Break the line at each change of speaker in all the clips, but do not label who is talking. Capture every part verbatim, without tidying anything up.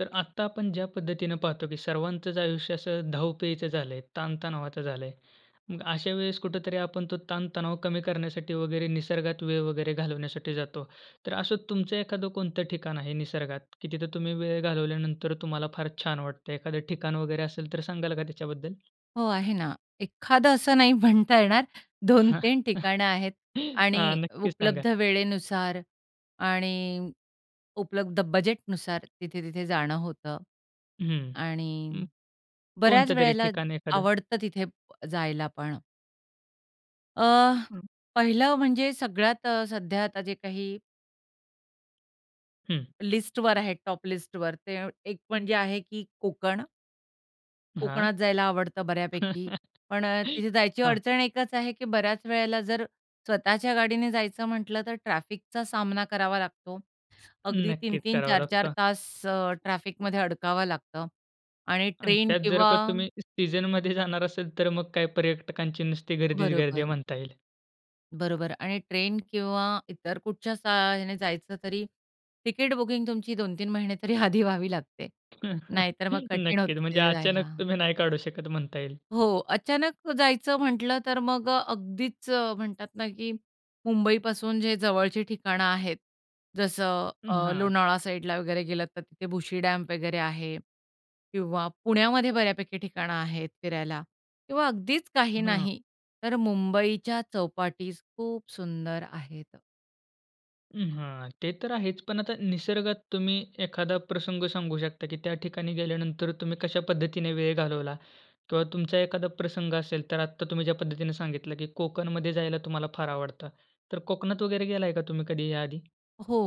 तर आत्ता आपण ज्या पद्धतीने पाहतो की सर्वांचचं आयुष्य असं धावपळीचं झालं आहे, ताण-तणावाचं झालं आहे. मग अशा वेळेस कुठेतरी आपण तो ताण-तणाव कमी करण्यासाठी वगैरे निसर्गात वेळ वगैरे घालवण्यासाठी जातो. तर असं तुमचं एखाद कोणतं ठिकाण आहे निसर्गात की तिथं तुम्ही वेळ घालवल्यानंतर तुम्हाला फार छान वाटतं? एखादं ठिकाण वगैरे असेल तर सांगाल का त्याच्याबद्दल?
हो, आहे ना. एखादं असं नाही म्हणता येणार, दोन
हां.
तीन ठिकाणं आहेत.
हां.
आणि
नक्कीच सांगा.
उपलब्ध वेळेनुसार आणि उपलब्ध बजेटनुसार तिथे-तिथे जाणं होतं
हं,
आणि
हं.
बऱ्याच
कोणतं तरी
वेळेला
ठिकाण एखादं?
आवडतं तिथे प जायला पण. अ,
हं.
पहिलं म्हणजे सगळ्यात अ, सध्या आता जे काही
हं.
लिस्टवर आहे टॉप लिस्टवर ते एक म्हणजे आहे की कोकण,
हां.
कोकणात जायला आवडतं बऱ्यापैकी. पण अ, तिथे जायची
हां.
अडचण एकच आहे की बऱ्याच वेळेला जर स्वतःच्या गाडीने जायचं म्हटलं तर ट्रॅफिकचा सामना करावा लागतो. अगदी
नक्कीच
तीन-तीन,
करावं
चार-चार
लागतं.
तास अ, ट्रॅफिकमध्ये अडकावं लागतं आणि
अन
ट्रेन
त्यात जर
किंवा
का तुम्ही सीझनमध्ये जाणार असेल, तर मग काही पर्यटकांची नुसती गर्दीच गर्दी
बरोबर.
म्हणता येईल.
बरोबर आणि ट्रेन किंवा इतर कुठच्या सा अ, ह्याने जायचं तरी तिकीट बुकिंग तुमची दोन तीन महिने तरी आधी व्हावी लागते. नाहीतर मग कठीण
नक्कीच.
होतं
म्हणजे
तिथे
अचानक
जायला.
तुम्ही नाही काढू शकत म्हणता येईल.
हो. अचानक जायचं म्हटलं तर मग अ, अगदीच म्हणतात ना की मुंबईपासून जे जवळची ठिकाणं आहेत, जसं
हं,
अ,
हां.
लोणावळा साईडला वगैरे गेलंतर तिथे भुशी डॅम वगैरे आहे किंवा पुण्यामध्ये बऱ्यापैकी ठिकाणं आहेत फिरायला किंवा अगदीच काही
हां.
नाही, तर मुंबईच्या चौपाटी खूप सुंदर आहेत.
हं, हां. ते तर आहेच. पण आता निसर्गात तुम्ही एखादा प्रसंग सांगू शकता की त्या ठिकाणी गेल्यानंतर तुम्ही कशा पद्धतीने वेळ घालवला किंवा तुमचा एखादा प्रसंग असेल, तर आता तुम्ही ज्या पद्धतीने सांगितलं की कोकणमध्ये जायला तुम्हाला फार आवडतं. तर कोकणात वगैरे गेलाय का तुम्ही कधी या आधी?
हो,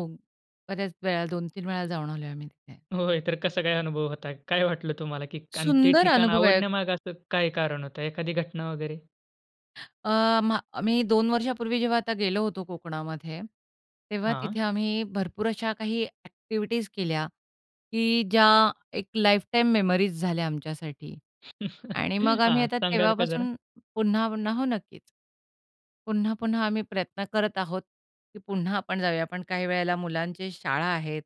बऱ्याच वेळा, दोन तीन वेळा जाऊन आलोय आम्ही तिथे.
होय, तर कसा काय अनुभव होता? काय वाटलं तुम्हाला? की अन् ते
सुंदर
ठिकाण
अनुभव आहेत.
आवडण्यामागे असं काय कारण होतं, एखादी घटना वगैरे?
अ, म्हा आम्ही दोन वर्षांपूर्वी जेव्हा आता गेलो होतो कोकणामध्ये, तेव्हा तिथे
हां.
आम्ही भरपूर अशा काही ॲक्टिव्हिटीज केल्या, की ज्या एक लाईफटाईम मेमरीज झाल्या आमच्यासाठी आणि मग आम्ही
हां.
आता
सांगाल का जरा?
तेव्हापासून पुन्हा-पुन्हा हो, नक्कीच. पुन्हा-पुन्हा आम्ही प्रयत्न करत आहोत, की पुन्हा आपण जाऊया. हां, पण काही वेळेला मुलांची शाळा आहेत.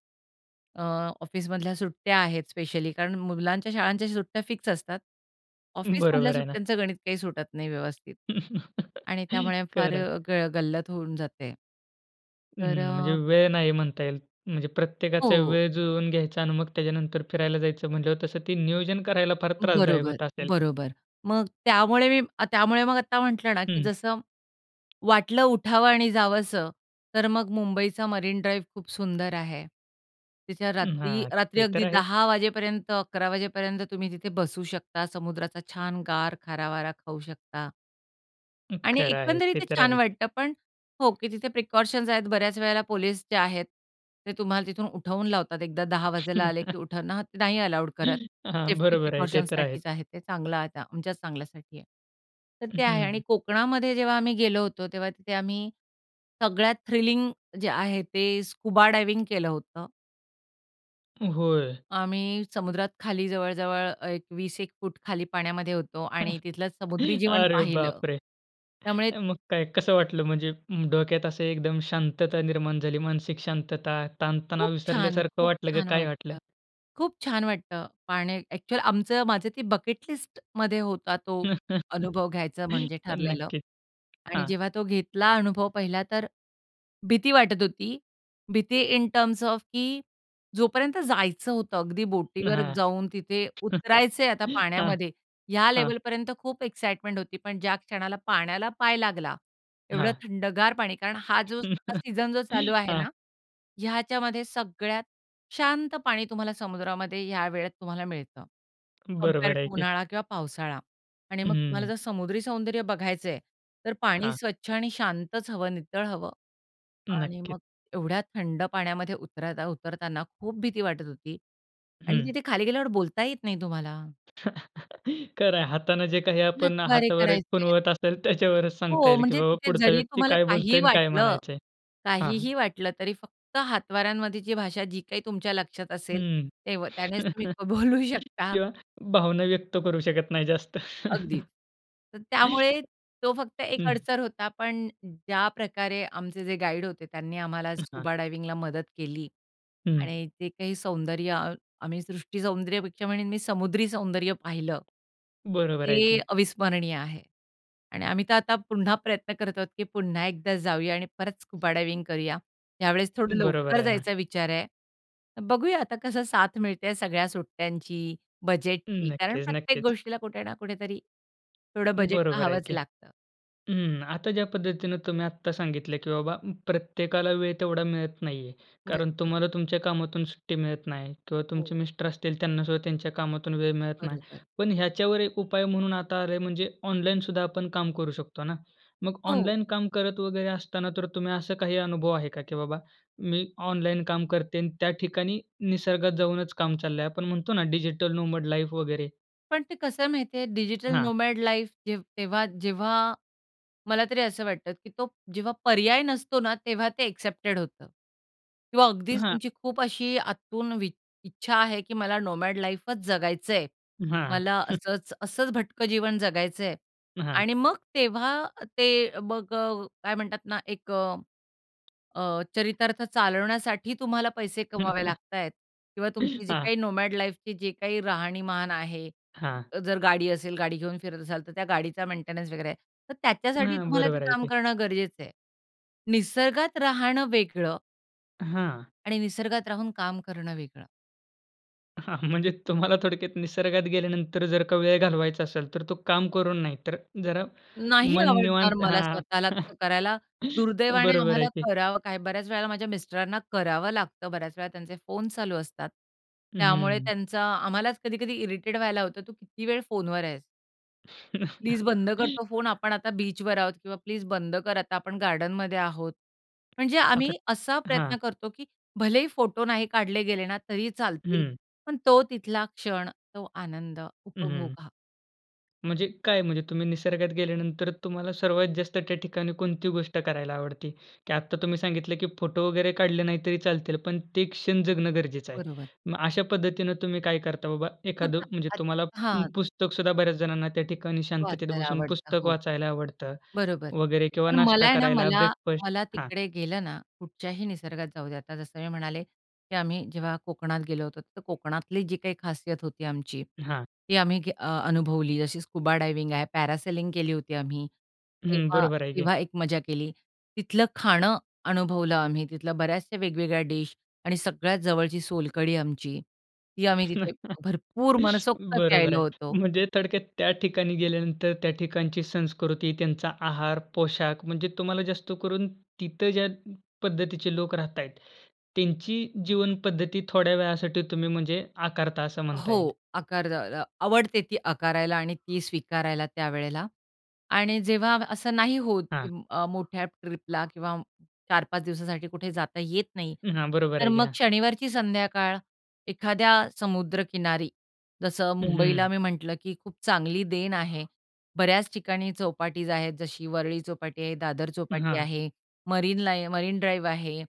अ, ऑफिसमधल्या सुट्ट्या आहेत स्पेशली, कारण मुलांच्या शाळांच्या सुट्ट्या फिक्स असतात. ऑफिसमधल्या
बरोबर आहे ना.
सुट्ट्यांचं गणित काही सुटत नाही व्यवस्थित. आणि त्यामुळे फार
खरं.
अ, ग गल्लत होऊन जाते. तर
हं. म्हणजे
अ,
वेळ नाही म्हणता येईल. म्हणजे प्रत्येकाचा
हो.
वेळ ज जुळवून घ्यायचा आणि मग त्याच्यानंतर फिरायला जायचं म्हंटल्यावर तसं ते नियोजन करायला फार त्रासदायक
बरोबर,
होत असेल?
बरोबर. मग त्यामुळे मी त्यामुळे मग आत्ता म्हटलं ना की
हं.
जसं वाटलं उठावं आणि जावसं तर मग मुंबईचा मरीन ड्राइव्ह खूप सुंदर आहे. तिथे
अं,
रात्री
हां.
रात्री
ते तर
अगदी
आहे.
दहा वाजेपर्यंत, अकरा वाजेपर्यंत तुम्ही तिथे बसू शकता. समुद्राचा छान गार खारा वारा खाऊ शकता.
हं,
आणि
खरं आहे.
एकंदरीत
ते
ते
तर
छान
आहेच.
वाटतं. पण हो, की तिथे प्रिकॉशन्स आहेत. बऱ्याच वेळेला पोलिस जे आहेत ते तुम्हाला तिथून उठवून लावतात. एकदा दहा वाजायला आले की उठवण हां, ते नाही अलाउड करत.
हां.
सेफ्टी
बरोबर आहे. ते तर आहे.
प्रिकॉशन्ससाठीच आहे ते चांगलं आता आमच्याच चांगल्यासाठी आहे. तर ते आहे आणि
हं.
कोकणामध्ये जेव्हा आम्ही गेलो होतो, तेव्हा तिथे आम्ही सगळ्यात थ्रिलिंग जे आहे ते स्कुबा डायव्हिंग केलं होतं.
होय.
आम्ही समुद्रात खाली जवळ-जवळ एक वीस एक फूट खाली पाण्यामध्ये होतो आणि तिथलं समुद्री जीवन
अरे
पाहिलं.
बापरे!
त्यामुळे
अ, मगं काय कसं वाटलं म्हणजे म डोक्यात असं एकदम शांतता निर्माण झाली, मानसिक शांतता? ताणतणाव
खूप छान!
विसरल्यासारखं
खूप
वाटलं का?
छान
काय वाटलं?
वाटतं. खूप छान वाटतं पाण्यात अ‍ॅक्चुअली आमचं माझं ते बकेट लिस्टमध्ये होता तो अनुभव घ्यायचा म्हणजे ठरलेलं
नक्कीच
आणि
...हां.
जेव्हा तो घेतला अनुभव, पाहिला तर भीती वाटत होती. भीती इन टर्म्स ऑफ की जोपर्यंत जायचं होतं अगदी बोटीवर
हां.
जाऊन तिथे उतरायचंय आता
हां,
पाण्यामध्ये, ह्या
हां.
लेवलपर्यंत खूप एक्साईटमेंट होती. पण ज्या क्षणाला पाण्याला पाय लागला एवढं
हां.
थंडगार पाणी कारण हा जो [unintelligible] सीझन जो चालू आहे
हां.
ना, ह्याच्यामध्ये सगळ्यात शांत पाणी तुम्हाला समुद्रामध्ये या वेळेत तुम्हाला मिळतं, कंपेअर
बरोबर आहे
टू
की.
उन्हाळा किंवा पावसाळा. आणि मग तुम्हाला
हं.
जर समुद्री सौंदर्य बघायचं आहे, तर पाणी
हां.
स्वच्छ आणि शांतच हवं, नितळ हवं. आणि
नक्कीच.
मग एवढ्या थंड पाण्यामध्ये उतरता उतरताना खूप भीती वाटत होती आणि
हं.
तिथे खाली गेल्यावर बोलता येत नाही तुम्हाला.
खरंय, हातानं जे काही आपण अ,
हातवारे
हातावर एक
करायचे आहेत.
खुणवत असेल, त्याच्यावरच सांगता
हो
येईल की
म्हणजे
बाबा
तिथे
पुढचा
जरी
व्यक्ती
तुम्हाला
काय
काही
बोलतोय अन् काय
वाटलं,
म्हणायचं आहे हां, हां.
काहीही वाटलं, तरी फक्त हातवाऱ्यांमध्येची भाषा जी काही तुमच्या लक्षात असेल,
हं.
तेव त्यानेच तुम्ही क बोलू शकता.
किंवा भावना व्यक्त करू शकत नाही जास्त.
अगदीच. तर त्यामुळे तो फक्त एक
हं.
अडसर होता. पण ज्याप्रकारे आमचे जे गाईड होते त्यांनी आम्हाला
हां.
स्कुबा डायव्हिंगला मदत केली
हं.
आणि ते काही सौंदर्य अ, आम्ही सृष्टी सौंदर्यपेक्षा मी समुद्री सौंदर्य पाहिलं,
बरोबर आहे
ते
की.
अविस्मरणीय आहे. आणि आम्ही तर आता पुन्हा प्रयत्न करत आहोत की पुन्हा एकदा जाऊया आणि परत स्कुबा डायव्हिंग करूया. यावेळेस थोडं
बरोबर
लवकर
आहे ना.
जायचा विचार आहे. तर बघूया आता कसं साथ मिळते आहे सगळ्या सुट्ट्यांची,
हं.
बजेटची, कारण
नक्कीच,
प्रत्येक
नक्कीच.
गोष्टीला कुठे ना कुठेतरी थोडं बजेट
बरोबर आहे
पाहावच
की.
लागतं.
हं, आता ज्या पद्धतीने तुम्ही आत्ता सांगितलं की बाबा प्रत्येकाला वेळ तेवढा मिळत नाहीये, कारण
बरोबर.
तुम्हाला तुमच्या कामातून सुट्टी मिळत नाही किंवा तुमचे
हो.
मिस्टर असतील त्यांना सुद्धा त्यांच्या कामातून वेळ मिळत नाही.
बरोबर.
पण ह्याच्यावर एक उपाय म्हणून आता आलाय म्हणजे ऑनलाईन सुद्धा आपण काम करू शकतो ना. मग
हो.
ऑनलाईन काम करत वगैरे असताना तर तुम्ही असं काही अनुभव आहे का की बाबा मी ऑनलाईन काम करते अन् त्या ठिकाणी निसर्गात जाऊनच काम चाललंय. आपण म्हणतो ना डिजिटल नोमॅड लाईफ वगैरे.
पण ते कसं आहे माहिती आहे? डिजिटल
हां.
नोमॅड लाईफ जे तेव्हा जेव्हा मला तरी असं वाटतं, की तो जेव्हा पर्याय नसतो ना? तेव्हा ते एक्सेप्टेड होतं किंवा अगदीच
हां.
तुमची खूप अशी आतून वि इच्छा आहे की मला नोमॅड लाईफच जगायचं आहे.
हां.
मला असंच, असंच भटकं जीवन जगायचं आहे
हां.
आणि मग तेव्हा ते अ, मग अ, काय म्हणतात ना एक अ अ, चरितार्थ चालवण्यासाठी तुम्हाला पैसे कमवावे लागता आहेत किंवा तुमची जी
हां.
काही नोमॅड लाईफची जी काही राहणीमान आहे.
हां.
जर गाडी असेल गाडी घेऊन फिरत असाल तर त्या गाडीचा मेंटेनन्स वगैरे. तर त्याच्यासाठी
हां.
तुम्हाला ते
बरोबर आहे
काम
की.
करणं गरजेचं आहे. "निसर्गात राहणं वेगळं"
हां.
"आणि निसर्गात राहून काम करणं वेगळं."
हां. म्हणजे तुम्हाला थोडक्यात निसर्गात गेल्यानंतर जर का वेळ घालवायचा असेल, तर तो काम करून नाही, तर जरा
नाही
मन
आवडणार
निवांत
मला
हां.
स्वतःला तसं करायला. दुर्दैवाने
बरोबर आहे
आम्हाला
की.
करावं काय बऱ्याच वेळेला माझ्या मिस्टरांना करावं लागतं. बऱ्याच वेळा त्यांचे फोन चालू असतात. त्यामुळे
हं.
त्यांचा आम्हालाच कधी-कधी इरिटेट व्हायला होतं. "तू किती वेळ फोनवर आहेस?" "प्लीज बंद कर तो फोन आपण आता बीचवर आहोत." किंवा "प्लीज बंद कर आता आपण गार्डनमध्ये आहोत." म्हणजे
आता
आम्ही असा
हां.
प्रयत्न करतो, की भलेही फोटो नाही काढले गेले ना तरी चालतील,
हं.
पण तो तिथला क्षण तो आनंद
हं, हं.
उपभोगा.
म्हणजे काय म्हणजे? तुम्ही निसर्गात गेल्यानंतर तुम्हाला सर्वात जास्त त्या ठिकाणी कोणती गोष्ट करायला आवडते? की आत्ता तुम्ही सांगितलं की फोटो वगैरे काढले नाही तरी चालतील पण ते क्षण जगणं गरजेचं आहे.
बरोबर.
मग अशा पद्धतीने तुम्ही काय करता? बाबा एखाद
बघा,
म्हणजे,
आच
तुम्हाला पु
हां.
पुस्तक सुद्धा बऱ्याच जणांना त्या ठिकाणी शांततेत
वाचायला
बसून
आवडतं.
पुस्तक
हो
वाचायला आवडतं
बरोबर
वगैरे किंवा
पण
नाष्टा
मला आहे ना,
करायला
मला,
ब्रेकफास्ट
मला
हां.
तिकडे गेलं ना, कुठच्याही निसर्गात जाऊ द्या आता जसं मी म्हणाले, की आम्ही जेव्हा कोकणात गेलो होतो, तर कोकणातली जी काही खासियत होती आमची,
हां.
ती आम्ही अ, अनुभवली. जशी स्कुबा डायव्हिंग आहे, पॅरासेलिंग केली होती आम्ही.
हं,
तेव्हा
बरोबर आहे की.
तेव्हा एक मजा केली. तिथलं खाणं अनुभवलं आम्ही. तिथल्या बऱ्याचशा वेगवेगळ्या डिश आणि सगळ्यात जवळची सोलकढी आमची, ती आम्ही तिथे भरपूर मनसोक्त
बरोबर
प्यायलो
आहे.
होतो.
म्हणजे थोडक्यात त्या ठिकाणी गेल्यानंतर त्या ठिकाणची संस्कृती, त्यांचा आहार, पोशाख, म्हणजे तुम्हाला जास्त करून तिथे ज्या पद्धतीचे लोक राहात आहेत. त्यांची जीवनपद्धती थोड्या वेळासाठी तुम्ही म्हणजे आकारता असं म्हणता
हो,
येईल.
आकार द्या अ, अ, आवडते ती आकारायला आणि ती स्वीकारायला त्यावेळेला. आणि जेव्हा असं नाही होत की
हां.
अ, मोठ्या ट्रिपला किंवा चार पाच दिवसासाठी कुठे जाता येत नाही,
हं, हां. बरोबर
तर
आहे की.
मग
हां.
शनिवारची संध्याकाळ एखाद्या समुद्रकिनारी जसं मुंबईला
हं.
मी म्हटलं की खूप चांगली देन आहे. बऱ्याच ठिकाणी चौपाटीज आहेत जशी वरळी चौपाटी आहे, दादर चौपाटी
हां.
आहे मरीन लाईन मरीन ड्राईव्ह आहे,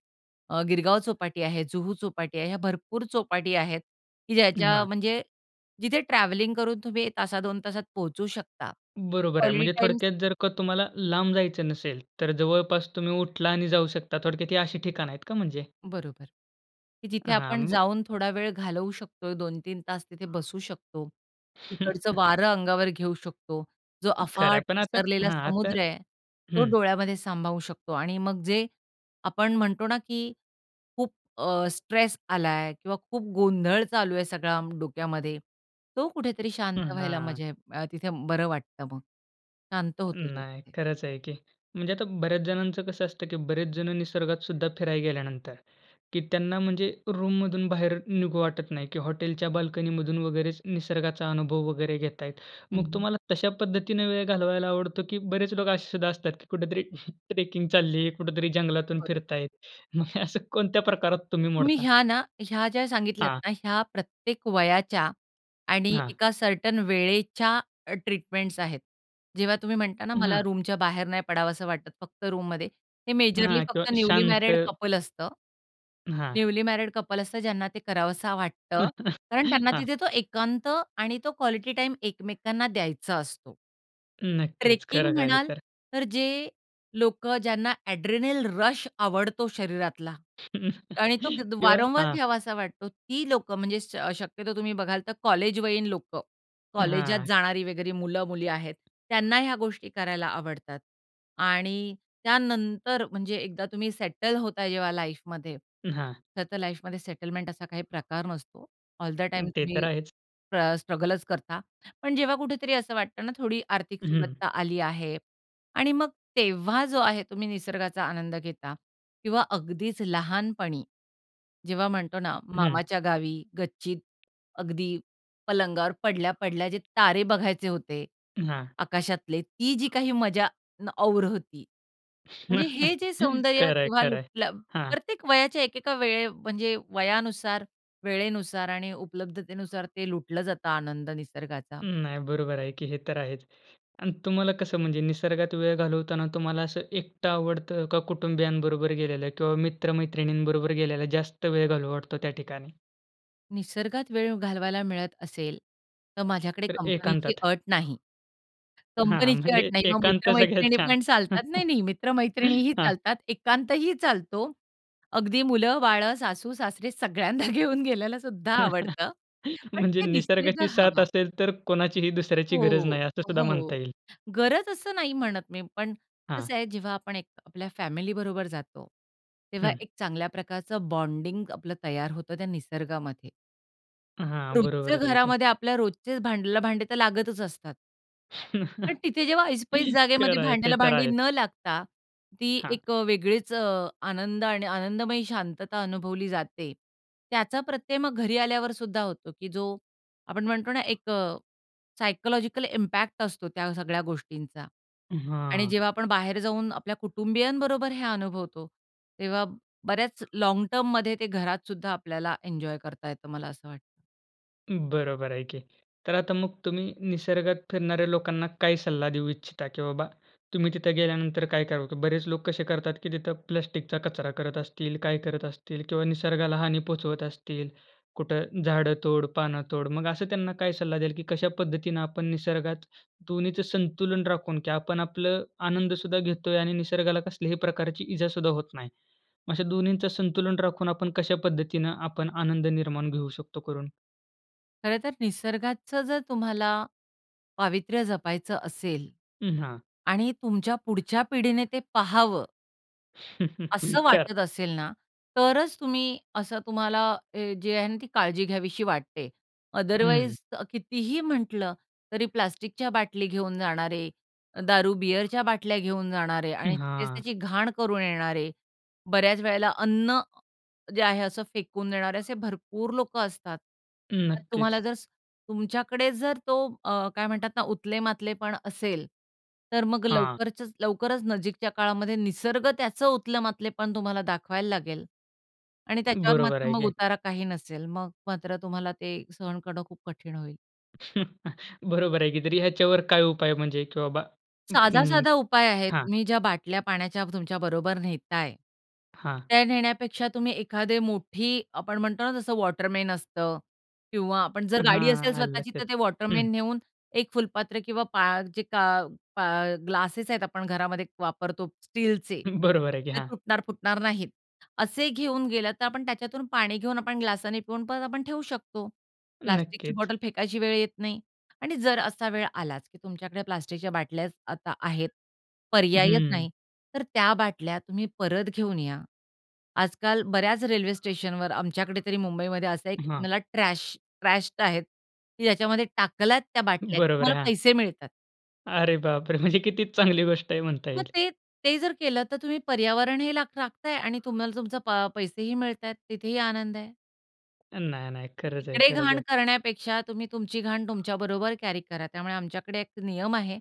अ, गिरगाव चौपाटी आहे, जुहू चौपाटी आहे, ह्या भरपूर चौपाटी आहेत की ज्याच्या
हां.
म्हणजे जिथे ट्रॅव्हलिंगकरून तुम्ही एक तासात, दोन तासात पोहचू शकता
बरोबर आहे.
क्वालिटी
म्हणजे
टाइम
थोडक्यात जर का तुम्हाला लांब जायचं नसेल, तर जवळपास तुम्ही उठला आणि जाऊ शकता थोडक्यात ही अशी ठिकाणं आहेत का म्हणजे?
बरोबर, की जिथे
हां.
आपण
मग
जाऊन थोडा वेळ घालवू शकतो, दोन तीन तास तिथे बसू शकतो. तिकडचं वारं अंगावर घेऊ शकतो जो
खरं आहे.
अफाट
पण आता
पसरलेला
हां, आता
समुद्र आहे तो
हं.
डोळ्यामध्ये सामावू शकतो. आणि मग जे आपण म्हणतो ना की खूप अ, स्ट्रेस आला आहे किंवा खूप गोंधळ चालू आहे सगळा डोक्यामध्ये. तो कुठेतरी
हं,
शांत व्हायला
हां.
म्हणजे अ, तिथे बरं वाटतं मग. शांत होतो तो
नाही.
तिथे.
खरंच आहे की. म्हणजे आता बऱ्याच जणांचं कसं असतं की बरेच जण निसर्गात सुद्धा फिरायला गेल्यानंतर, की त्यांना म्हणजे रूममधून बाहेर निघू वाटत नाही, की हॉटेलच्या बाल्कनीमधून वगैरेच निसर्गाचा अनुभव वगैरे घेत आहेत.
हं,
मग
हं.
तुम्हाला तशा पद्धतीने वेळ घालवायला आवडतो, की बरेच लोक असे सुद्धा असतात की कुठेतरी ट्रेकिंग चालली आहे, कुठेतरी जंगलातून फिरत
बरोबर.
आहेत. मग असं कोणत्या प्रकारात तुम्ही
तुम्ही
मोडता?
ह्या ना, ह्या ज्या सांगितल्यात
हां.
ना ह्या प्रत्येक वयाच्या आणि
हां.
एका सर्टन वेळेच्या अ, ट्रीटमेंट्स आहेत. जेव्हा तुम्ही म्हणता ना, मला
हां.
रूमच्या बाहेर नाही पडावसं वाटतं, फक्त रूममध्ये हे मेजरली
हां. किंवा
फक्त न्यूली मॅरिड
शांत.
कपल असतं.
हां.
न्यूली मॅरिड कपल असतात, ज्यांना ते करावसा वाटतं. कारण त्यांना
हां.
तिथे तो एकांत आणि तो क्वालिटी टाईम एकमेकांना द्यायचा असतो.
नक्कीच
ट्रेकिंग
खरं आहे, हे
म्हणाल,
तर.
तर जे लोकं ज्यांना एड्रेनल रश आवडतो शरीरातला आणि तो घेत
किंवा
वारंवार
हां.
घ्यावासा वाटतो, ती लोकं म्हणजे स शक्यतो तुम्ही बघाल तर कॉलेजवयीन लोकं, कॉलेजात
हां.
जाणारी वगैरे मुलं, मुली आहेत त्यांना ह्या गोष्टी करायला आवडतात. आणि त्यानंतर म्हणजे एकदा तुम्ही सेटल होता जेव्हा लाईफमध्ये,
हां.
खरंतर लाईफमध्ये सेटलमेंट असा काही प्रकार नसतो. ऑल द टाईम
ते
तुम्ही
तर आहेच.
स्ट्र स्ट्रगलच करतात. पण जेव्हा कुठेतरी असं वाटतं ना, थोडी आर्थिक
हं.
सुबत्ता आली आहे आणि मग तेव्हा जो आहे तुम्ही निसर्गाचा आनंद घेता किंवा अगदीच लहानपणी, जेव्हा म्हणतो ना
हं.
मामाच्या गावी, गच्चीत अगदी पलंगावर पडल्या, पडल्या जे तारे बघायचे होते,
हां.
आकाशातले, ती जी काही मजा ना और होती. म्हणजे हे जे सौंदर्य
खरं आहे,
तेव्हा
खरं आहे.
लुटलं
हां.
प्रत्येक वयाच्या एक एका वेळे, म्हणजे वयानुसार, वेळेनुसार आणि उपलब्धतेनुसार ते लुटलं जातं आनंद
अ,
निसर्गाचा.
नाही, बरोबर आहे, की हे तर आहेच आणि तुम्हाला कसं म्हणजे निसर्गात वेळ घालवताना तुम्हाला असं एकट आवडत का, कुटुंबियांबरोबर गेलेल्या किंवा मित्र-मैत्रिणींबरोबर गेल्याला जास्त वेळ घालू वाटतो त्या ठिकाणी?
निसर्गात वेळ घालवायला मिळत असेल, तर माझ्याकडे
तर
कंपनीची
एकांतात.
अट नाही.
हां, हां.
कंपनीची अट
म्हणजे
नाही, मग
एकांत सगळ्यात
मित्र-मैत्रिणी
छान.
पण चालतात, नाही, नाही, मित्र-मैत्रिणीही
हां.
चालतात, एकांतही चालतो. अगदी मुलं-बाळं, सासू-सासरे सगळ्यांना घेऊन गेलेलं सुद्धा आवडतं. पण
म्हणजे
तिथे
निसर्गाची
[unintelligible]
साथ
हवा.
असेल, तर कोणाचीही दुसऱ्याची गरज
हो,
नाही असं सुद्धा म्हणता
हो,
येईल.
गरज असं नाही म्हणत मी, पण
हां.
कसं आहे जेव्हा आपण एक आपल्या फॅमिलीबरोबर जातो, तेव्हा
हं.
एक चांगल्याप्रकारचं बॉन्डिंग आपलं तयार होतं त्या निसर्गामध्ये.
अ, हां.
रोजचं
बरोबरच आहे की.
घरामध्ये आपल्या रोजचे भांड्याला भांडे तर लागतच असतात पण तिथे जेव्हा ऐसपैस जागेमध्ये
खरं आहे. ते
भांड्याला
तर
भांडी
आहे.
न लागता, ती
हां.
एक वेगळीच अ, आनंद आणि आनंदमयी शांतता अनुभवली जाते. त्याचा प्रत्यय मग घरी आल्यावर सुद्धा होतो की जो आपण म्हणतो ना एक अ, सायकॉलॉजिकल इम्पॅक्ट असतो, त्या सगळ्या गोष्टींचा.
हं,
आणि
हां.
जेव्हा आपण बाहेर जाऊन आपल्या कुटुंबीयांबरोबर हे अनुभवतो, तेव्हा बऱ्याच लाँग टर्ममध्ये ते घरात सुद्धा आपल्याला एन्जॉय करता येतं, मला असं वाटतं.
अं, बरोबर आहे की. तर आता मग तुम्ही निसर्गात फिरणाऱ्या लोकांना काय सल्ला देऊ इच्छिता? की बाबा तुम्ही तिथे गेल्यानंतर काय करावं? की बरेच लोक कसे करतात की तिथं प्लास्टिकचा कचरा करत असतील, काय करत असतील किंवा निसर्गाला हानी पोहोचवत असतील. कुठं झाडं तोड, पानं तोड, मग असं त्यांना काय सल्ला द्याल, की कशा पद्धतीनं आपण निसर्गात दोन्हीचं संतुलन राखून की आपण आपलं आनंद सुद्धा घेत आहे आणि निसर्गाला कसल्याही प्रकारची इजा सुद्धा होत नाही. मग अशा दोन्हींचं संतुलन राखून आपण कशा पद्धतीनं आपण आनंद निर्माण घेऊ शकतो करून?
खरंतर निसर्गाचं जर तुम्हाला पावित्र्य जपायचं असेल
अ, हां.
आणि तुमच्या पुढच्या पिढीने ते पाहावं असं
खरं
वाटत असेल ना, तरच तुम्ही असं तुम्हाला हे जे आहे ना ती काळजी घ्यावीशी वाटते.
हं.
अदरवाईज अ, कितीही म्हटलं, तरी प्लास्टिकच्या बाटली घेऊन जाणारे, दारू बिअरच्या बाटल्या घेऊन जाणारे
अ,
आणि तिथेच
हां.
त्याची घाण करून येणारे. बऱ्याच वेळेला अन्न जे आहे असं फेकून देणारे, असे भरपूर लोकं असतात. तर तुम्हाला
नक्कीच.
जर स तुमच्याकडे जर तो अ, काय म्हणतात ना, उतले-मातलेपण असेल, तर मग
हां.
लवकरचंच लवकरच नजीकच्या काळामध्ये निसर्ग त्याच उतलं-मातलेपण तुम्हाला दाखवायला लागेल आणि त्याच्यावर
बरोबर
मात्र
आहे
मग
की.
उतारा काही नसेल, मग मात्र तुम्हाला ते सहन करणं खूप कठीण होईल.
बरोबर आहे की. तरी ह्याच्यावर काय उपाय म्हणजे, की बाबा? [unintelligible]
साधा-साधा उपाय आहेत.
हां.
तुम्ही ज्या बाटल्या पाण्याच्या तुमच्या बरोबर नेत आहे.
हां.
त्या नेण्यापेक्षा तुम्ही एखादी मोठी आपण म्हणतो ना जसं वॉटरमन असतं किंवा आपण जर गाडी असेल
हां. आलं
स्वतःची,
लक्षात.
तर ते
हं.
वॉटरमन नेऊन एक फुलपात्र किंवा पा जे का पा ग्लासेस आहेत आपण घरामध्ये वापरतो स्टीलचे.
हं. बरोबर आहे की.
ते
हां.
तुटणार, फुटणार नाहीत, असे घेऊन गेलं तर आपण त्याच्यातून पाणी घेऊन, आपण ग्लासाने पिऊन, परत आपण ठेवू शकतो. प्लास्टिकची
नक्कीच.
बॉटल फेकायची वेळ येत नाही. आणि जर असा वेळ आलाच, की तुमच्याकडे प्लास्टिकच्या बाटल्याच आता आहेत. पर्यायच
हं.
नाही, तर त्या बाटल्या तुम्ही परत घेऊन या. आजकाल बऱ्याच रेल्वे स्टेशनवर आमच्याकडे तरी मुंबईमध्ये असं आहे, की
हां.
तुम्हाला ट्रॅश ट्रॅश्ड आहेत, की ज्याच्यामध्ये टाकल्यात त्या बाटल्या
बरोबर
तुम्हाला
आहे. हां.
पैसे मिळतात.
अरे बापरे! म्हणजे किती चांगली गोष्ट आहे म्हणता
मग
येईल.
ते, ते जर केलं तर तुम्ही पर्यावरणही लाख राखताय आणि तुम्हाला तुमच पा पैसेही मिळतायत. तिथेही आनंद आहे.
नाही, नाही. खरंच आहे,
तिकडे
खरंच
घाण
आहे.
करण्यापेक्षा तुम्ही तुमची घाण तुमच्या बरोबर कॅरी करा. त्यामुळे आमच्याकडे एक नियम आहे.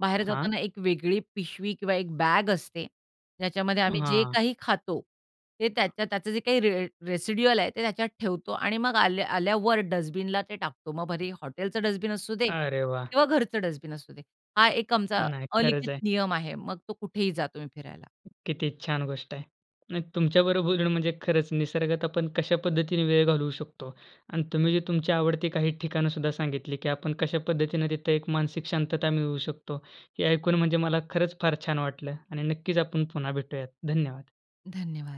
बाहेर
हां.
जाताना एक वेगळी पिशवी किंवा एक बॅग असते. ज्याच्यामध्ये आम्ही जे
हां.
काही खातो, ते त्या त्याचं जे काही रे रेसिडुअल आहे ते त्याच्यात ठेवतो आणि मग आल्या आल्यावर डस्टबिनला ते टाकतो. मग भले हॉटेलचं डस्टबिन असू दे
अरे वाह!
किंवा घरचं डस्टबिन असू दे. हा एक आमचा
नाही. खरंच
अलिखित
आहे.
नियम आहे. मग तो कुठेही जा, तुम्ही फिरायला.
किती छान गोष्ट आहे. नाही, तुमच्या बरोबर बोलून म्हणजे खरंच निसर्गात आपण कशा पद्धतीने वेळ घालवू शकतो. आणि तुम्ही जे तुमची आवडती काही ठिकाणं सुद्धा सांगितली, की आपण कशा पद्धतीने तिथं एक मानसिक शांतता मिळवू शकतो. हे ऐकून म्हणजे मला खरंच फार छान वाटलं आणि नक्कीच आपण पुन्हा भेटूयात. धन्यवाद.
धन्यवाद.